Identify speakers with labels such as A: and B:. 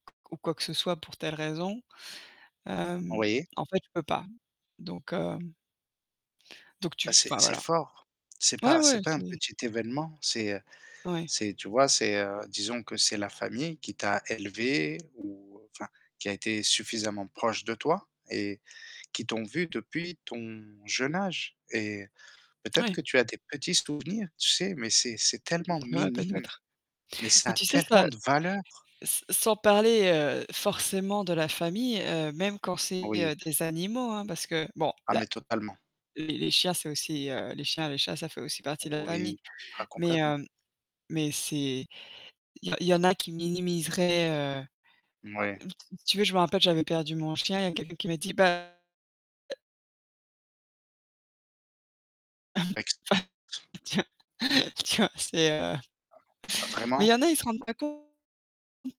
A: Ou quoi que ce soit pour telle raison. Hem,
B: Oui.
A: en fait, je peux pas donc, heu. Donc tu
B: Bah c'est
A: enfin,
B: c'est
A: voilà.
B: fort, c'est
A: Ouais,
B: pas
A: ouais,
B: c'est pas un
A: c'est
B: petit événement, c'est, heu,
A: Ouais.
B: c'est tu vois, c'est, heu, disons que c'est la famille qui t'a élevé, ou, enfin, qui a été suffisamment proche de toi et qui t'ont vu depuis ton jeune âge et peut-être
A: Ouais.
B: que tu as des petits souvenirs tu sais, mais c'est c'est tellement
A: Ouais,
B: minime
A: peut-être.
B: mais
A: Mais
B: ça a
A: tu sais,
B: tellement
A: ça
B: de valeur.
A: s sans parler, heu, forcément de la famille, heu, même quand c'est,
B: Oui.
A: heu, des animaux, hein, parce que bon,
B: Ah
A: là
B: mais totalement.
A: les les chiens, c'est aussi, heu les chiens, les chats, ça fait aussi partie de la famille.
B: Oui, ah
A: Mais,
B: complètement.
A: hem, mais c'est il y en il y en a qui minimiseraient, heu,
B: Mouais.
A: t t tu veux, je me rappelle que j'avais perdu mon chien, il y a quelqu'un qui m'a dit, bah [unintelligible]
B: Ex
A: Bah, tiens tiens c'est, heu
B: Heu,
A: mais il
B: vraiment?
A: y en a ils se rendent pas compte